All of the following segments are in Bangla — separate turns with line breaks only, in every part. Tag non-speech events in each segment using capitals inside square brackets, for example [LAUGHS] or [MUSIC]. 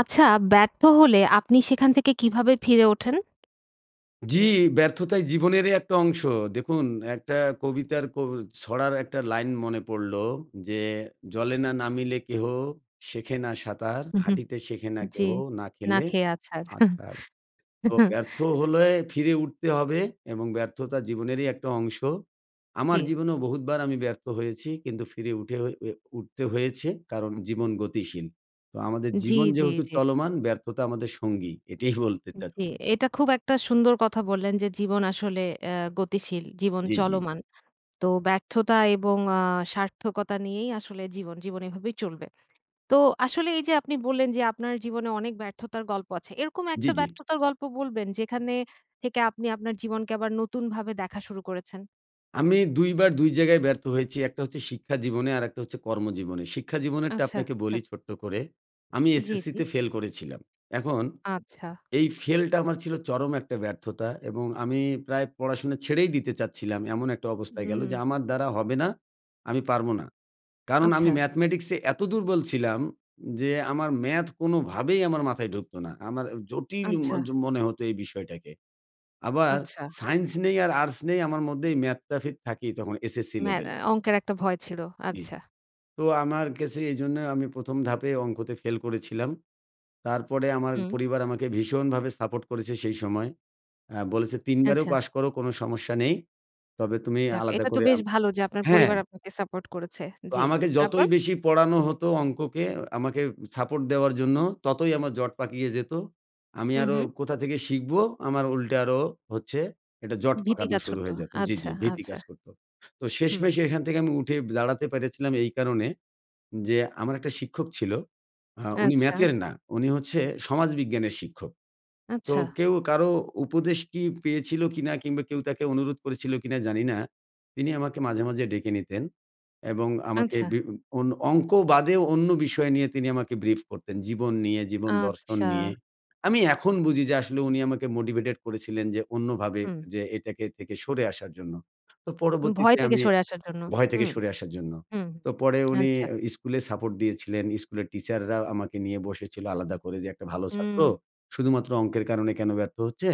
আচ্ছা ব্যর্থ হলে আপনি সেখান থেকে কীভাবে ফিরে ওঠেন?
জ্বি, ব্যর্থতাই জীবনেরই একটা অংশ। দেখুন একটা কবিতার কো ছড়ার একটা লাইন মনে পড়লো, "যে জলে না নামিলে কেহ শেখে না সাঁতার,
হু, হু,
হাঁটিতে শেখে না
জ্বি।
কেহ না
না
খেলে
খেয়ে আছাড়।
আছাড়।" তো
[CHUCKLES]
ব্যর্থ হলে ফিরে উঠতে হবে এবং ব্যর্থতা জীবনেরই একটা অংশ। আমার
জি।
জীবনেও বহুতবার আমি ব্যর্থ হয়েছি। কিন্তু ফিরে উঠে ঐ এ উঠতে হয়েছে কারণ জীবন গতিশীল। তো আমাদের
জি,
জীবন
জি,
যেহেতু
জি।
চলমান ব্যর্থতা আমাদের সঙ্গী। এটিই [CHUCKLES] বলতে
জ্বী।
চাচ্ছি।
এটা খুব একটা সুন্দর কথা বললেন, যে জীবন আসলে অ্যা গতিশীল। জীবন
জ্বি, জ্বি।
চলমান। তো ব্যর্থতা এবং আ সার্থকতা নিয়েই আসলে জীবন, জীবন এভাবেই চলবে। তো আসলে এই যে আপনি বললেন যে আপনার জীবনে অনেক ব্যর্থতার গল্প আছে। এরকম একটা
জ্বি, জ্বি।
ব্যর্থতার গল্প বলবেন, যেখানে থেকে আপনি আপনার জীবনকে আবার নতুনভাবে দেখা শুরু করেছেন?
আমি ২ বার ২ জায়গায় ব্যর্থ হয়েছি। একটা হচ্ছে শিক্ষা জীবনে, আরেকটা হচ্ছে কর্মজীবনে। শিক্ষাজীবনেরটা
আচ্ছা,
আপনাকে
আচ্ছা।
বলি ছোট্ট করে, আমি
জি, জি।
এসএসসিতে ফেল করেছিলাম। এখন
আচ্ছা।
এই ফেলটা আমার ছিল চরম একটা ব্যর্থতা এবং আমি প্রায় পড়াশোনা ছেড়েই দিতে চাচ্ছিলাম। এমন একটা অবস্থায় গেলো,
হুম।
যে আমার দ্বারা হবে না। আমি পারবো না। কারণ আমি
আচ্ছা।
ম্যাথমেটিক্সে এত দুর্বল ছিলাম, যে আমার ম্যাথ কোনোভাবেই আমার মাথায় ঢুকতো না। আমার আ জটিল ম
আচ্ছা।
য মনে হত এই বিষয়টাকে। আবার
আচ্ছা।
সায়েন্স নেই আর আর্টস নেই, আমার মধ্যেই ম্যাথটা ফেদ থাকেই তখন এসএসসি
ম্যা
লেভেলে।
অঙ্কের একটা ভয় ছিল।
জি।
আচ্ছা।
তো আমার কেসে এইজন্য আমি ১ম ধাপে অঙ্কতে ফেল করেছিলাম। তারপরে আমার
হুম।
পরিবার আমাকে ভীষণভাবে সাপোর্ট করেছে সেই সময়। আ বলেছে ৩ বারেও
আচ্ছা।
পাশ করো কোনো সমস্যা নেই, তবে তুমি
যাক,
আলাদা
এটা তো
করে
বেশ
আম
ভালো যে আপনার
হ্যাঁ।
পরিবার আপনাকে সাপোর্ট করেছে,
তো
জ্বি।
আমাকে
তারপর?
যতই বেশি পড়ানো
হুম।
হতো অঙ্ককে, আমাকে সাপোর্ট দেওয়ার জন্য, ততই আমার জট পাকিয়ে যেত। আমি
হুম,
আরো
হুম।
কোথা থেকে শিখব, আমার উল্টে আরও হচ্ছে একটা জট
ভীতি
পাকানো
কাজ
শুরু
করত।
হয়ে যেত জি,
আচ্ছা,
জি, ভীতি
আচ্ছা।
কাজ করতো। তো
হুম।
শেষমেষে এখান থেকে আমি উঠে দাঁড়াতে পেরেছিলাম এই কারণে, যে আমার একটা শিক্ষক ছিল, আ উনি
আচ্ছা।
ম্যাথের না, উনি হচ্ছে সমাজবিজ্ঞানের শিক্ষক। তো
আচ্ছা।
কেউ কারো উপদেশ কি পেয়েছিল কিনা? কিংবা কেউ তাকে অনুরোধ করেছিল কিনা, জানি না। তিনি আমাকে মাঝে, মাঝে ডেকে নিতেন এবং আমাকে
আচ্ছা।
বিব অন অঙ্কও বাদেও অন্য বিষয় নিয়ে তিনি আমাকে ব্রিফ করতেন। জীবন নিয়ে, জীবন দর্শন
আচ্ছা।
নিয়ে। আমি এখন বুঝি যে আসলে উনি আমাকে মোটিভেটেড করেছিলেন যে অন্যভাবে,
হুম।
যে এটাকে থেকে সরে আসার জন্য। তো
ভয়
পরবর্তীতে
থেকে
আমি
সরে আসার জন্য।
ভয়
হু,
থেকে সরে আসার জন্য।
হু।
তো পরে উনি
আচ্ছা।
অ্যা স্কুলে সাপোর্ট দিয়েছিলেন। স্কুলের টিচাররা আমাকে নিয়ে বসেছিলো আলাদা করে, যে একটা ভালো ছাত্র,
উম
শুধুমাত্র অঙ্কের কারণে কেন ব্যর্থ হচ্ছে?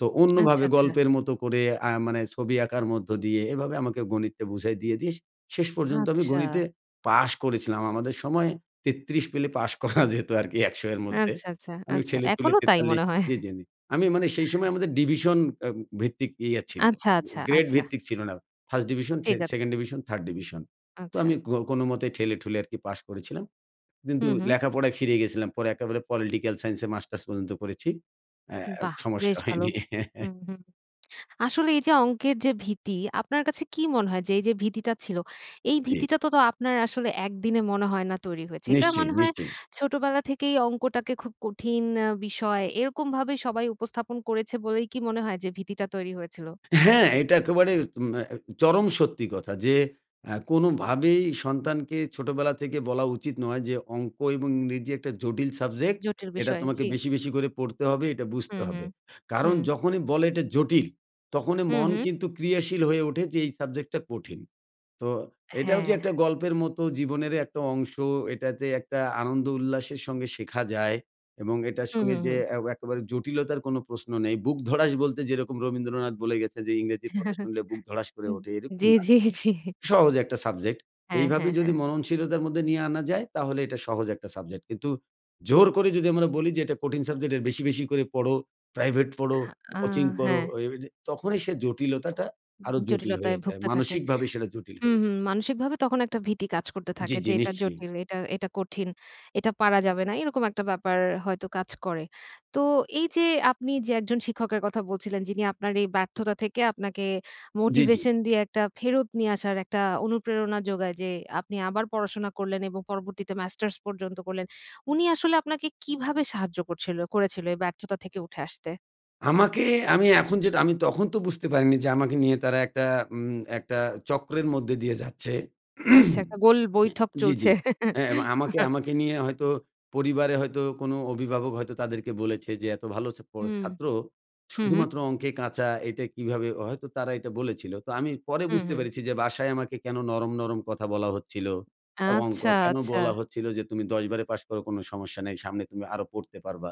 তো
আচ্ছা,
অন্যভাবে
আচ্ছা।
গল্পের মতো করে। আ মানে ছবি আঁকার মধ্য দিয়ে, এভাবে আমাকে গণিতটা বুঝাই দিয়ে, দিয়ে, শে শেষ পর্যন্ত আমি
আচ্ছা।
গণিতে পাশ করেছিলাম। আমাদের সময় ৩৩ পেলে পাশ করা যেত আর কি, ১০০ এর মধ্যে।
আচ্ছা, আচ্ছা,
আমি
আচ্ছা।
ঠেলেটুলে
এখনো তাই
৪৩
মনে হয়।
জি, জি আমি, আমি মানে সেই সময়
[CHUCKLES]
আমাদের ডিভিশন আম ভিত্তিক ইয়া ছিল,
আচ্ছা, আচ্ছা,
গ্রেড
আচ্ছা।
ভিত্তিক ছিল না। 1st ডিভিশন, থে
ঠিক আছে।
2nd division, 3rd division. তো
আচ্ছা।
আমি কো কোনোমতেই ঠেলে ঠুলে আরকি পাশ করেছিলাম।
হু,
কিন্তু
হু।
লেখাপড়ায় ফিরে গেছিলাম। পরে একেবারে পলিটিক্যাল সাইন্স এ মাস্টার্স পর্যন্ত করেছি। অ্যা অ্যা
বাহ!
সমস্যা
বেশ ভালো।
হয়নি। [LAUGHS]
হুম, হুম। আসলে এই যে অঙ্কের যে ভীতি, আপনার কাছে কী মনে হয়, যে এই যে ভীতিটা ছিল, এই
জী।
ভীতিটা তো, তো আপনার আসলে একদিনে মনে হয় না তৈরি হয়েছে। এটা
নিশ্চয়ই,
মনে হয়
নিশ্চয়ই।
ছোটবেলা থেকেই অঙ্কটাকে খুব কঠিন আ বিষয়। এরকমভাবেই সবাই উপস্থাপন করেছে বলেই কি মনে হয় যে ভীতিটা তৈরি হয়েছিল?
হ্যাঁ, এটা একেবারে ম্যা চরম সত্যি কথা। যে আ কোনোভাবেই সন্তানকে ছোটোবেলা থেকে বলা উচিত নয়, যে অঙ্ক এবং ইংরেজি একটা জটিল সাবজেক্ট,
জটিল
এটা
বিষয়,
তোমাকে
জ্বি।
বেশি, বেশি করে পড়তে হবে, এটা
হু,
বুঝতে
হু,
হবে। কারণ
হু।
যখনই বলে এটা জটিল, তখনই
হু,
মন
হু।
কিন্তু ক্রিয়াশীল হয়ে ওঠে, যে এই সাবজেক্টটা কঠিন। তো এটাও যে
হ্যাঁ।
একটা গল্পের মত জীবনেরই একটা অংশ। এটা যে একটা আনন্দ উল্লাসের সঙ্গে শেখা যায়। এবং এটার
হু, হু,
সঙ্গে যে
হু।
অ্যা একেবারে জটিলতার কোন প্রশ্ন নেই। বুক ধড়াস বলতে যেরকম রবীন্দ্রনাথ বলে গেছে, যে "ইংরেজির কথা
[CHUCKLES]
শুনলে বুক ধড়াস করে
হুম।
ওঠে" এরকম
জি,
না।
জি, জি।
সহজ একটা সাবজেক্ট।
হ্যাঁ,
এইভাবে
হ্যাঁ,
যদি
হ্যাঁ।
মননশীলতার মধ্যে নিয়ে আনা যায়, তাহলে এটা সহজ একটা সাবজেক্ট। কিন্তু জোর করে যদি আমরা বলি, যে এটা কঠিন সাবজেক্ট, এর বেশি, বেশি করে পড়ো, প্রাইভেট পড়ো,
আ
কোচিং করো,
হ্যাঁ।
ঐ ঐযে তখনই সে জটিলতাটা আরো জটিল
জটিলতায়
হয়ে যায়।
ভুগতে থাকে।
মানসিকভাবে সেটা জটিল হয়ে
হুম,
যায়।
হুম, মানসিকভাবে তখন একটা ভীতি কাজ করতে
জি,
থাকে
জি
যে এটা
নিশ্চই।
জটিল, এটা, এটা কঠিন। এটা পারা যাবে না। এরকম একটা ব্যাপার হয়তো কাজ করে। তো এই যে আপনি যে একজন শিক্ষকের কথা বলছিলেন, যিনি আপনার এই ব্যর্থতা থেকে আপনাকে
জি, জি।
মোটিভেশন দিয়ে, একটা ফেরত নিয়ে আসার একটা অনুপ্রেরণা যোগায়, যে আপনি আবার পড়াশোনা করলেন এবং পরবর্তীতে মাস্টার্স পর্যন্ত করলেন। উনি আসলে আপনাকে কীভাবে সাহায্য করছিল করেছিল এই ব্যর্থতা থেকে উঠে আসতে?
আমাকে আমি এখন যেটা আমি তখন তো বুঝতে পারিনি যে আমাকে নিয়ে তারা একটা উম একটা চক্রের মধ্যে দিয়ে যাচ্ছে।
আচ্ছা একটা
[CLEARS THROAT]
গোল
নেয়া
বৈঠক
জি,
চলছে।
জি। হ্যাঁ এবং বা আমাকে
[LAUGHS]
আমাকে নিয়ে হয়তো পরিবারে হয়তো কোনো অভিভাবক হয়তো তাদেরকে বলেছে যে, "এত ভালো ছা পড়
হুম।
ছাত্র,
হুম, হুম।
শুধুমাত্র অঙ্কে কাঁচা, এইটা কীভাবে!" হয়তো তারা এটা বলেছিলো। তো আমি পরে
হুম,
বুঝতে
হুম।
পেরেছি যে, বাসায় আমাকে কেন নরম, নরম কথা বলা হচ্ছিলো, এবং ক
আচ্ছা,
কেন
আচ্ছা!
বলা হচ্ছিলো যে তুমি ১০ বারে পাশ করো কোনো সমস্যা নেই, সামনে তুমি আরও পড়তে পারবা।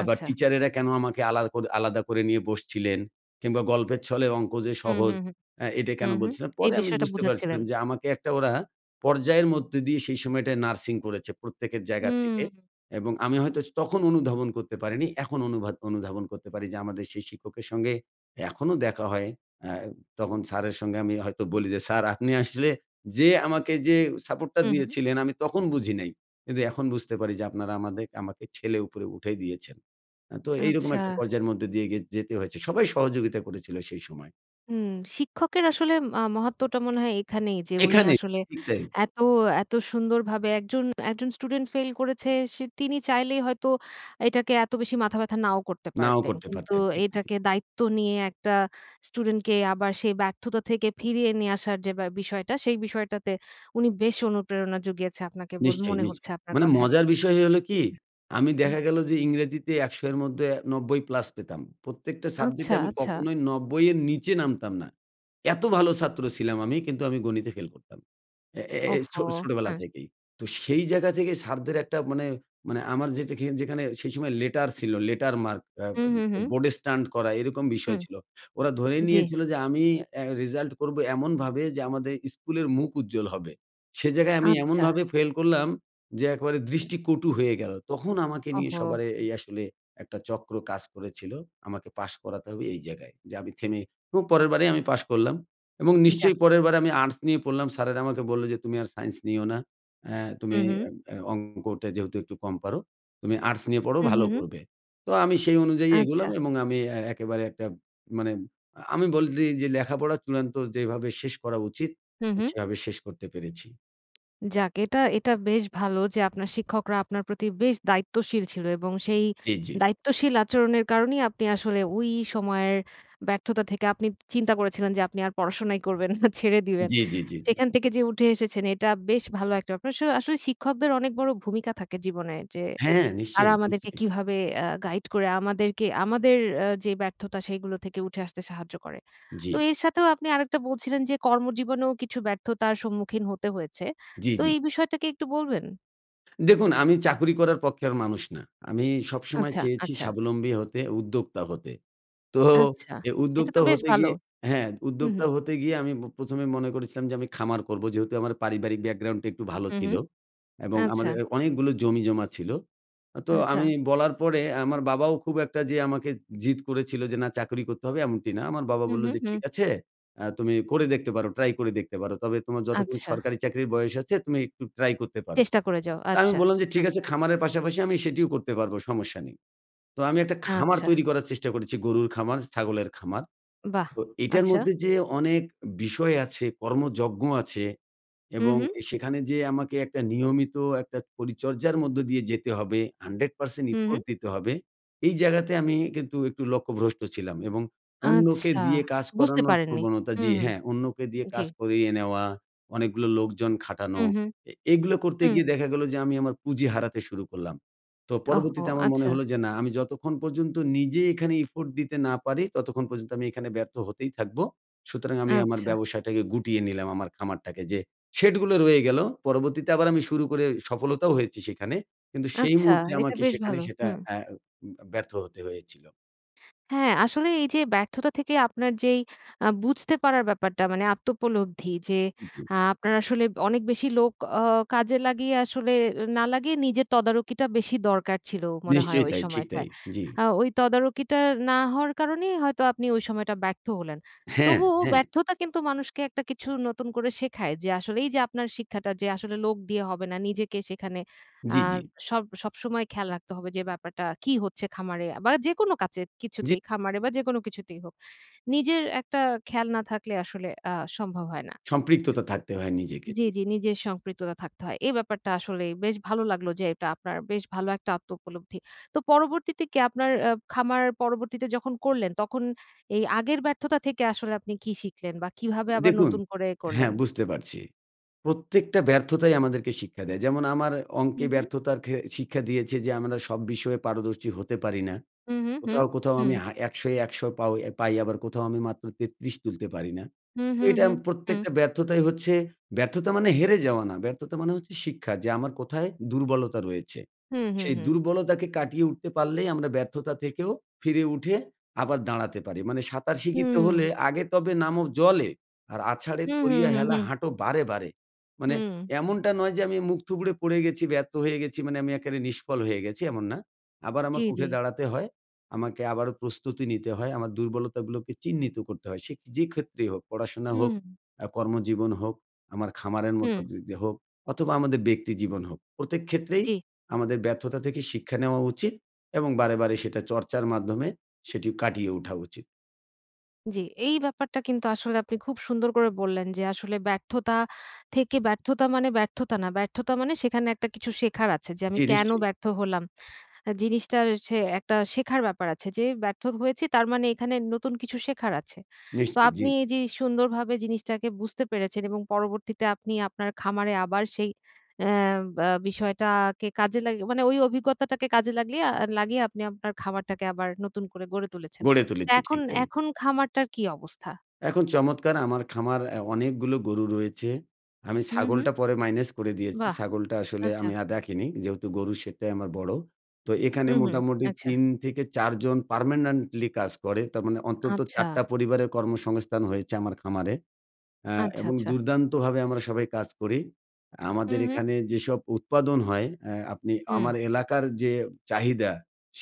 আবার
আচ্ছা।
টিচারেরা কেন আমাকে আলাদা কর আলাদা করে নিয়ে বসছিলেন, কিংবা গল্পের ছলে অঙ্ক যে
হুম,
সহজ
হুম, হুম।
অ্যা এটা
হুম,
কেন
হুম।
বলছিলেন।
এই
পরে আমি
বিষয়টা
বুঝতে
বুঝাচ্ছিলেন?
পারছিলাম যে আমাকে একটা ওরা পর্যায়ের মধ্যে দিয়ে সেই সময়টায় নার্সিং করেছে প্রত্যেকের জায়গার থেকে
হুম।
এবং আমি হয়তো স তখন অনুধাবন করতে পারিনি এখন অনুবাধ অনুধাবন করতে পারি যে, আমাদের সেই শিক্ষকের সঙ্গে এখনও দেখা হয়। আ তখন স্যারের সঙ্গে আমি হয়তো বলি যে, "স্যার আপনি আসলে যে আমাকে যে সাপোর্টটা
হুম, হুম।
দিয়েছিলেন আমি তখন বুঝি নাই, কিন্তু এখন বুঝতে পারি যে আপনারা আমাদে আমাকে ঠেলে উপরে উঠায় দিয়েছেন।" অ্যা তো এইরকম একটা
আচ্ছা।
পর্যায়ের মধ্যে দিয়ে গে যেতে হয়েছে সবাই সহযোগিতা করেছিলো সেই সময়।
হুম। শিক্ষকের আসলে মা মহত্ত্বটা মনে হয় এখানেই যে উনি
এখানে,
আসলে
ঠিক তাই।
এত, এত সুন্দরভাবে একজন একজন স্টুডেন্ট ফেইল করেছে সে তিনি চাইলেই হয়তো এটাকে এত বেশি মাথা ব্যথা নাও করতে
নাও
পারতেন।
করতে
কিন্তু
পারতেন, ঠিক তাই।
এইটাকে দায়িত্ব নিয়ে, একটা স্টুডেন্টকে আবার সেই ব্যর্থতা থেকে ফিরিয়ে নিয়ে আসার যে ব্য বিষয়টা, সেই বিষয়টাতে উনি বেশ অনুপ্রেরণা জুগিয়েছে আপনাকে বল
নিশ্চয়ই,
মনে
নিশ
হচ্ছে আপনার
মানে
কথায়।
মজার বিষয় হল কী? আমি
হুম।
দেখা গেলো যে ইংরেজিতে ১০০ এর মধ্যে ৯০ প্লাস পেতাম, প্রত্যেকটা
আচ্ছা,
সাবজেক্টে আমি
আচ্ছা।
কখনোই ৯০ এর নীচে নামতাম না। এত ভালো ছাত্র ছিলাম আমি, কিন্তু আমি গণিতে ফেল করতাম। অ্যা এ এ এই
ওহো!
ছো ছোটবেলা
হ্যাঁ।
থেকেই। তো সেই জায়গা থেকে স্যারদের একটা মানে মানে আমার যেটাখে যেখানে সেই সময় লেটার ছিল, লেটার মার্ক। অ্যা
হুম,
ওম
হুম,
ও
হুম।
বোর্ডে স্ট্যান্ড করা, এরকম বিষয়
হুম।
ছিল। ওরা ধরেই
জি।
নিয়েছিলো যে আমি অ্যা রেজাল্ট করব এমনভাবে, যে আমাদের স্কুলের মুখ উজ্জ্বল হবে। সে জায়গায় আমি
আচ্ছা।
এমনভাবে ফেল করলাম, যে একেবারে
হুম।
দৃষ্টি কটু হয়ে গেলো। তখন আমাকে নিয়ে
ওহো!
সবার এ এই আসলে, একটা চক্র কাজ করেছিল, আমাকে পাশ করাতে হবে, এই জায়গায়। যে আমি থেমে এবং
হুম।
পরেরবারেই আমি পাশ করলাম। এবং
উম-যাক।
নিশ্চয়ই পরের বার আমি আর্টস নিয়ে পড়লাম। স্যারেরা আমাকে বললো যে, "তুমি আর সায়েন্স নিও না। অ্যা তুমি
উম-হুম।
অ্যা অ্যা অঙ্কটা যেহেতু একটু কম পারো, তুমি আর্টস নিয়ে পড়ো,
উম-হু,
ভালো
হু।
করবে।" তো আমি সেই অনুযায়ী এগোলাম
আচ্ছা।
এবং আমি এ একেবারে একটা মানে, আমি বলি যে, এই লেখাপড়া চূড়ান্ত যেভাবে শেষ করা উচিত,
হুম,
আ
হুম।
সেভাবে শেষ করতে পেরেছি।
যাক এটা, এটা বেশ ভালো যে আপনার শিক্ষকরা আপনার প্রতি বেশ দায়িত্বশীল ছিল। এবং সেই
জি, জি।
দায়িত্বশীল আচরণের কারণেই আপনি আসলে ঐ সময়ের ব্যর্থতা থেকে আপনি চিন্তা করেছিলেন যে আপনি আর পড়াশোনাই করবেন না, ছেড়ে দিবেন।
জি, জি, জি, জি।
সেখান থেকে যে উঠে এসেছেন এটা বেশ ভালো একটা ব্যাপার। অবশ্য আসলে শিক্ষকদের অনেক বড় ভূমিকা থাকে জীবনে যে,
হ্যাঁ,
তারা
নিশ্চয়ই,
আমাদেরকে
নিশ্চয়ই।
কীভাবে অ্যা গাইড করে আমাদেরকে আমাদের যে ব্যর্থতা সেগুলো থেকে উঠে আসতে সাহায্য করে। তো
জি।
এর সাথেও আপনি আরেকটা বলছিলেন যে কর্মজীবনেও কিছু ব্যর্থতার সম্মুখীন হতে হয়েছে।
জি,
তো
জি।
এই বিষয়টাকে একটু বলবেন?
দেখুন আমি চাকুরি করার পক্ষের মানুষ না। আমি সবসময়
আচ্ছা,
চেয়েছি
আচ্ছা।
স্বাবলম্বী হতে, উদ্যোক্তা হতে। তো
আচ্ছা।
এ
এটা
উদ্যোক্তা
তো বেশ
হতে
ভালো।
গিয়ে, হ্যাঁ,
হুম,
উদ্যোক্তা
হুম।
হতে গিয়ে আমি ব প্রথমে মনে করেছিলাম যে আমি খামার করবো, যেহেতু আমার পারিবারিক background টা একটু ভালো
হুম,
ছিল।
হুম।
এবং
আচ্ছা।
আমাদের অনেকগুলো জমিজমা ছিল। তো আমি
আচ্ছা।
বলার পরে আমার বাবাও খুব একটা যে আমাকে জিদ করেছিল যে না চাকুরি করতে হবে এমনটি না। আমার বাবা
হুম,
বললো
হুম,
যে, "ঠিক
হুম।
আছে। অ্যা তুমি করে দেখতে পারো। Try করে দেখতে পারো। তবে তোমার যতক্ষণ
আচ্ছা।
সরকারি চাকরির বয়স আছে তুমি একটু try করতে পারো"।
চেষ্টা করে যাও।
তা আমি
আচ্ছা।
বললাম যে, "ঠিক
হ্যাঁ।
আছে খামারের পাশাপাশি আমি সেটিও করতে পারব, সমস্যা নেই"। তো আমি একটা খামার
আচ্ছা।
তৈরি করার চেষ্টা করেছি, গরুর খামার, ছাগলের খামার।
বাহ!
তো এইটার
আচ্ছা।
মধ্যে যে অনেক বিষয় আছে, কর্মযজ্ঞ আছে,
হুম,
এবং
হুম।
সেখানে যে আমাকে একটা নিয়মিত একটা পরিচর্যার মধ্য দিয়ে যেতে হবে, hundred percent
হুম।
effort দিতে হবে, এই জায়গাতে আমি কিন্তু একটু লক্ষ্যভ্রষ্ট ছিলাম। এবং অন্যকে
আচ্ছা,
দিয়ে কাজ
বুঝতে
করানোর
পারেননি।
প্রবণতা,
হুম,
জি,
হুম।
হ্যাঁ, অন্যকে দিয়ে
জি।
কাজ করিয়ে নেওয়া, অনেকগুলা লোকজন খাটানো,
হুম, হুম।
এ এগুলা করতে
হুম।
গিয়ে দেখা গেলো যে আমি আমার পুঁজি হারাতে শুরু করলাম। তো
ওহো!
পরবর্তীতে আমার মনে
আচ্ছা।
হলো যে না আমি যতক্ষণ পর্যন্ত নিজে এখানে effort দিতে না পারি, ততক্ষণ পর্যন্ত আমি এইখানে ব্যর্থ হতেই থাকব। সুতরাং আমি আমার
আচ্ছা।
ব্যবসাটাকে গুটিয়ে নিলাম, আমার খামারটাকে। যে শেড গুলো রয়ে গেলো। পরবর্তীতে আবার আমি শুরু করে সফলতাও হয়েছি সেইখানে। কিন্তু সেই
আচ্ছা।
মুহূর্তে
এইটা
আমাকে
বেশ
সেখানে
ভালো।
সেটা
হুম।
অ্যা উম ব্যর্থ হতে হয়েছিল।
হ্যাঁ, আসলে এই যে ব্যর্থতা থেকে আপনার যেই আ বুঝতে পারার ব্যাপারটা মানে আত্বউপলব্ধি যে আ আপনার আসলে অনেক বেশি লোক অ কাজে লাগিয়ে আসলে না লাগিয়ে নিজের তদারকিটা বেশি দরকার ছিল মনে হয়
নিশ্চয়ই
ওই
তাই, ঠিক
সময়টায়।
তাই, জি।
আ ওই তদারকিটা না হওয়ার কারণেই হয়তো আপনি ওই সময়টা ব্যর্থ হলেন।
হ্যাঁ,
তবুও
হ্যাঁ।
ব্যর্থতা কিন্তু মানুষকে একটা কিছু নতুন করে শেখায় যে আসলে এই যে আপনার শিক্ষাটা যে আসলে লোক দিয়ে হবে না নিজেকে সেখানে আ
জি, জি।
সব সবসময় খেয়াল রাখতে হবে যে ব্যাপারটা কী হচ্ছে খামারে বা যেকোনো কাজে
জি।
কিছুতেই খামারে বা যেকোনো কিছুতেই হোক। নিজের একটা খেয়াল না থাকলে আসলে আ সম্ভব হয় না।
সম্পৃক্ততা থাকতে হয় নিজেকে,
জি,
জি।
জি। নিজের সম্পৃক্ততা থাকতে হয়। এই ব্যাপারটা আসলেই বেশ ভালো লাগলো যে এটা আপনার বেশ ভালো একটা আত্মউপলব্ধি। তো পরবর্তীতে কি আপনার আ খামার পরবর্তীতে যখন করলেন তখন এই আগের ব্যর্থতা থেকে আসলে আপনি কি শিখলেন বা কীভাবে আবার
দেখুন,
নতুন করে করলেন?
হ্যাঁ, বুঝতে পারছি। প্রত্যেকটা ব্যর্থতাই আমাদেরকে শিক্ষা দেয়। যেমন আমার অঙ্কে
হুম, হুম।
ব্যর্থতার ঘে শিক্ষা দিয়েছে যে আমরা সব বিষয়ে পারদর্শী হতে পারি না।
হুম, হুম, হুম,
কোথাও, কোথাও
হুম।
আমি হা ১০০ ই, ১০০ পাউ পাই আবার কোথাও আমি মাত্র ৩৩ তুলতে পারি না।
হুম,
তো
হুম,
এটা আম
হুম, হুম।
প্রত্যেকটা ব্যর্থতাই হচ্ছে ব্যর্থতা মানে হেরে যাওয়া না, ব্যর্থতা মানে হচ্ছে শিক্ষা যে আমার কোথায় দুর্বলতা রয়েছে
হুম, হুম,
সেই
হুম।
দুর্বলতাকে কাটিয়ে উঠতে পারলেই আমরা ব্যর্থতা থেকেও ফিরে উঠে আবার দাঁড়াতে পারি। মানে, "সাঁতার শিখিতে হলে
হুম।
আগে তবে নামো জলে, আর আছাড়ে
হুম, হুম,
করিয়া
হুম,
হেলা
হুম।
হাঁটো বাড়ে, বাড়ে।" মানে
হুম।
এমনটা নয় যে আমি মুখ থুবড়ে পড়ে গেছি, ব্যর্থ হয়ে গেছি মানে আমি একেবারে নিষ্ফল হয়ে গেছি এমন না। আবার
জি,
আমাকে
জি।
উঠে দাঁড়াতে হয়, আমাকে আবারও প্রস্তুতি নিতে হয় আমার, দুর্বলতাগুলোকে চিহ্নিত করতে হয় সেক যে ক্ষেত্রেই হোক পড়াশোনা হোক,
হুম।
আ কর্মজীবন হোক আমার খামারের মতো
হুম।
যি যে হোক অথবা আমাদের ব্যক্তি জীবন হোক। প্রত্যেক ক্ষেত্রেই
জি।
আমাদের ব্যর্থতা থেকে শিক্ষা নেওয়া উচিত, এবং বারে, বারে সেটা চর্চার মাধ্যমে সেটি কাটিয়ে ওঠা উচিত।
জি এই ব্যাপারটা কিন্তু আসলে আপনি খুব সুন্দর করে বললেন, যে আসলে ব্যর্থতা থেকে ব্যর্থতা মানে ব্যর্থতা না ব্যর্থতা মানে সেখানে একটা কিছু শেখার আছে যে, "আমি
জি,
কেন
নিশ্চয়ই!
ব্যর্থ হলাম?" জিনিসটা সে একটা শেখার ব্যাপার আছে যে, "ব্যর্থ হয়েছি তার মানে এখানে নতুন কিছু শেখার আছে।" তো
নিশ্চয়ই, জি।
আপনি এই যে সুন্দরভাবে জিনিসটাকে বুঝতে পেরেছেন এবং পরবর্তীতে আপনি আপনার খামারে আবার সেই অ্যা বা বিষয়টা কে কাজে লাগি মানে ওই অভিজ্ঞতাটাকে কাজে লাগলি আ লাগিয়ে আপনি আপনার খামারটাকে আবার নতুন করে গড়ে তুলেছেন।
গড়ে
তো
তুলেছি,
এখন
ঠিক তাই।
এখন খামারটার কী অবস্থা?
এখন চমৎকার আমার খামার অ্যা অনেকগুলো গরু রয়েছে। আমি
হু, হু।
ছাগলটা পরে মাইনাস করে দিয়েছি।
বাহ!
ছাগলটা আসলে
আচ্ছা।
আমি আর রাখিনি, যেহেতু গরুর সেটাই আমার বড়ো। তো এখানে
হু, হু
মোটামুটি
আচ্ছা।
৩ থেকে ৪ জন পার্মানেন্টলি কাজ করে। তার মানে অন্তত
আচ্ছা।
৪ টা পরিবারের কর্মসংস্থান হয়েছে আমার খামারে। আ
আচ্ছ,
এবং
আচ্ছা।
দুর্দান্তভাবে আমরা সবাই কাজ করি।
হু,
আমাদের
হু।
এখানে যেসব উৎপাদন হয় অ্যা আপনি
হুম।
আমার এলাকার যে চাহিদা,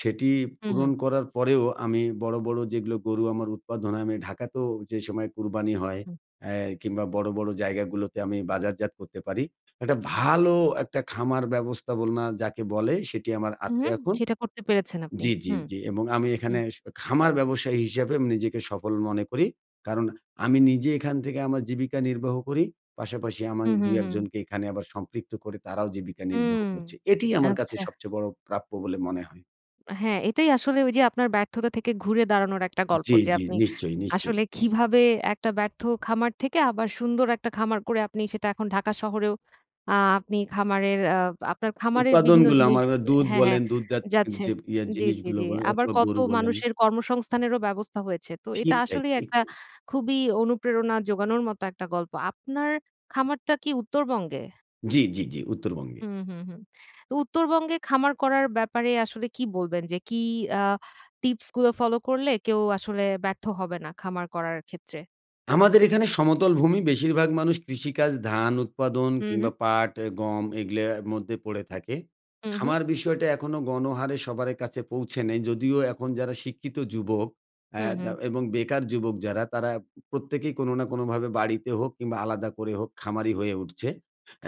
সেটি
হু,
পূরণ
হু।
করার পরেও আমি বড়ো, বড়ো যেগুলো গরু আমার উৎপাদন হয় আমি ঢাকাতেও যে সময় কুরবানি হয়
হুম।
অ্যা কিংবা বড়ো, বড়ো জায়গাগুলোতে আমি বাজারজাত করতে পারি। একটা ভালো একটা খামার ব্যবস্থাপনা যাকে বলে সেটি আমার
হু,
আছে
হু
এখন
সেটা করতে পেরেছেন আপনি।
জি, জি,
হুম।
জি এবং আমি এখানে
হুম।
শ খামার ব্যবসায়ী হিসাবে আমি নিজেকে সফল মনে করি। কারণ আমি নিজে এখান থেকে আমার জীবিকা নির্বাহ করি। পাশাপাশি আমি
হু, হু,
দুই-এক
হু।
জনকে এখানে আবার সম্পৃক্ত করে তারাও জীবিকা নির্বাহ
হুম,
করছে। এটিই আমার কাছে
আচ্ছা।
সবচেয়ে বড় প্রাপ্য বলে মনে হয়।
আ হ্যাঁ এটাই আসলে ওই যে আপনার ব্যর্থতা থেকে ঘুরে দাঁড়ানোর একটা গল্প
জি,
যে
জি।
আপনি
নিশ্চয়ই, নিশ্চয়ই।
আসলে কীভাবে একটা ব্যর্থ খামার থেকে আবার সুন্দর একটা খামার করে আপনি সেটা এখন ঢাকা শহরেও আ আপনি খামারের আ আপনার খামারের বিভিন্ন
উৎপাদনগুলা
জিনিস
আমার আ দুধ
হ্যাঁ, হ্যাঁ
বলেন দুধজাত অ্যা
যাচ্ছে।
জি ইয়া
জি, জি,
জিনিসগুলো
জি।
বলেন
আবার
অথবা
কত
গরু বলেন।
মানুষের কর্মসংস্থানেরও ব্যবস্থা হয়েছে। তো এটা
ঠিক তাই,
আসলেই
ঠিক
একটা
তাই।
খুবই অনুপ্রেরণা জোগানোর মতো একটা গল্প। আপনার খামারটা কি উত্তরবঙ্গে?
জি, জি, জি, উত্তরবঙ্গে।
হুম, হুম, হুম, তো উত্তরবঙ্গে খামার করার ব্যাপারে আসলে কী বলবেন? যে কি আ টিপস গুলো ফলো করলে কেউ আসলে ব্যর্থ হবে না খামার করার ক্ষেত্রে?
আমাদের এখানে সমতল ভূমি বেশিরভাগ মানুষ কৃষিকাজ ধান উৎপাদন
হুম, হুম।
কিংবা পাট অ্যা গম এগুলোর মধ্যে পড়ে থাকে।
হুম, হুম।
খামার বিষয়টা এখনও গণহারে সবারে কাছে পৌঁছে নেই, যদিও এখন যারা শিক্ষিত যুবক, আ
হুম, হুম।
দা এবং বেকার যুবক যারা তারা উ প্রত্যেকেই কোনো না কোনোভাবে বাড়িতে হোক কিংবা আলাদা করে হোক, খামারি হয়ে উঠছে।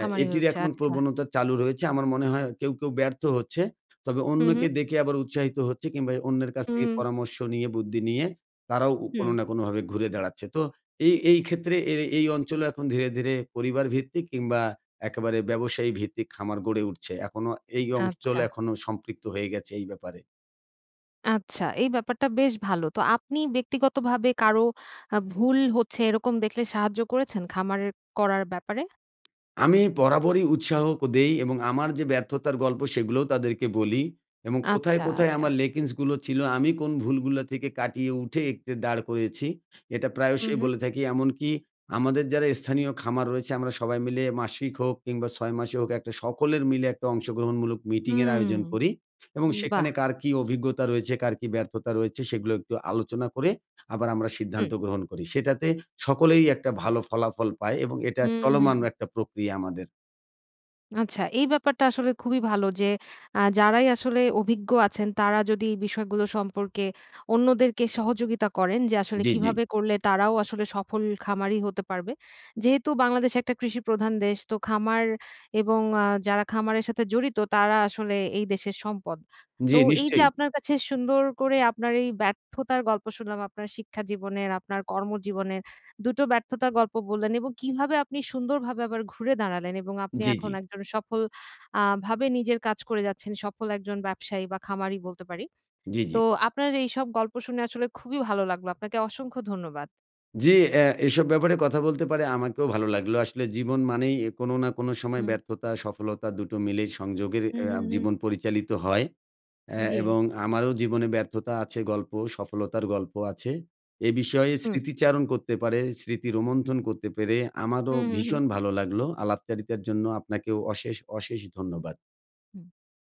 আ
হয়ে
এটির
উঠছে,
এখন
আচ্ছা।
প্রবণতা চালু রয়েছে আমার মনে হয় কেউ, কেউ ব্যর্থ হচ্ছে। তবে
হুম,
অন্যকে
হুম।
দেখে আবার উৎসাহিত হচ্ছে কিংবা এ অন্যের কাছ
হুম,
থেকে
হু।
পরামর্শ নিয়ে, বুদ্ধি নিয়ে, তারাও উ কোনো
হুম।
না কোনোভাবে ঘুরে দাঁড়াচ্ছে। তো এই, এই ক্ষেত্রে এ এই অঞ্চলও এখন ধীরে, ধীরে পরিবারভিত্তিক কিংবা একেবারে ব্যবসায়ী ভিত্তিক খামার গড়ে উঠছে। এখনও এই অঞ্চল
আচ্ছা।
এখনো সম্পৃক্ত হয়ে গেছে এই ব্যাপারে।
আচ্ছা এই ব্যাপারটা বেশ ভালো। তো আপনি ব্যক্তিগতভাবে কারো, আ ভুল হচ্ছে এরকম দেখলে সাহায্য করেছেন খামারের করার ব্যাপারে?
আমি বরাবরই উৎসাহ দেই এবং আমার যে ব্যর্থতার গল্প, সেগুলোও তাদেরকে বলি। এবং কোথায়,
আচ্ছা,
কোথায়
আচ্ছা।
আমার ল্যাকিংস ছিল, আমি কোন ভুলগুলা থেকে কাটিয়ে উঠে একটু দাঁড় করিয়েছি, এটা
হু,
প্রায়শই
হু।
বলে থাকি। এমনকি আমাদের যারা স্থানীয় খামার রয়েছে, আমরা সবাই মিলে মাসিক হোক, কিংবা ৬ মাসে হোক, একটা সকলের মিলে একটা অংশগ্রহণমূলক মিটিংয়ের আয়োজন
হুম।
করি। এবং
বাহ!
সেখানে কার কী অভিজ্ঞতা রয়েছে, কার কী ব্যর্থতা রয়েছে, সেগুলো একটু আলোচনা করে, আবার আমরা সিদ্ধান্ত
হুম।
গ্রহণ করি। সেটাতে সকলেই একটা ভালো ফলাফল পায় এবং এটা
হুম, হু।
চলমান একটা প্রক্রিয়া আমাদের।
আচ্ছা, এই ব্যাপারটা আসলে খুবই ভালো, যে আ যারাই আসলে অভিজ্ঞ আছেন, তারা যদি বিষয়গুলো সম্পর্কে অন্যদেরকে সহযোগিতা করেন, যে আসলে
জ্বি, জ্বি।
কীভাবে করলে তারাও আসলে সফল খামারি হতে পারবে। যেহেতু বাংলাদেশ একটা কৃষিপ্রধান দেশ। তো খামার এবং আ যারা খামারের সাথে জড়িত, তারা আসলে এই দেশের সম্পদ।
জ্বি
তো এই যে
নিশ্চয়ই।
আপনার কাছে সুন্দর করে, আপনার এই ব্যর্থতার গল্প শুনলাম আপনার শিক্ষা জীবনের, আপনার কর্মজীবনের, ২ টো ব্যর্থতার গল্প বললেন এবং কিভাবে আপনি সুন্দরভাবে আবার ঘুরে দাঁড়ালেন এবং আপনি
জ্বি,
এখন
জ্বি।
একজন সফল আ ভাবে নিজের কাজ করে যাচ্ছেন। সফল একজন ব্যবসায়ী বা খামারী বলতে পারি।
জি,
তো
জি।
আপনার এইসব গল্প শুনে আসলে খুবই ভালো লাগলো। আপনাকে অসংখ্য ধন্যবাদ।
জি, অ্যা এসব ব্যাপারে কথা বলতে পেরে আমাকেও ভালো লাগলো। আসলে জীবন মানেই অ্যা কোনো না কোনো সময়
হুম।
ব্যর্থতা, সফলতা, ২ টো মিলে সংযোগের
হু,
অ্যা
হু, হু।
জীবন পরিচালিত হয়। অ্যা
জি।
এবং আমারও জীবনে ব্যর্থতা আছে গল্প। সফলতার গল্প আছে। এ বিষয়ে
হুম।
স্মৃতিচারণ করতে পারে, স্মৃতি রোমন্থন করতে পেরে, আমারও
হু, হু, হু।
ভীষণ ভালো লাগলো। আলাপচারিতার জন্য আপনাকেও অশেষ, অশেষ ধন্যবাদ।
হু।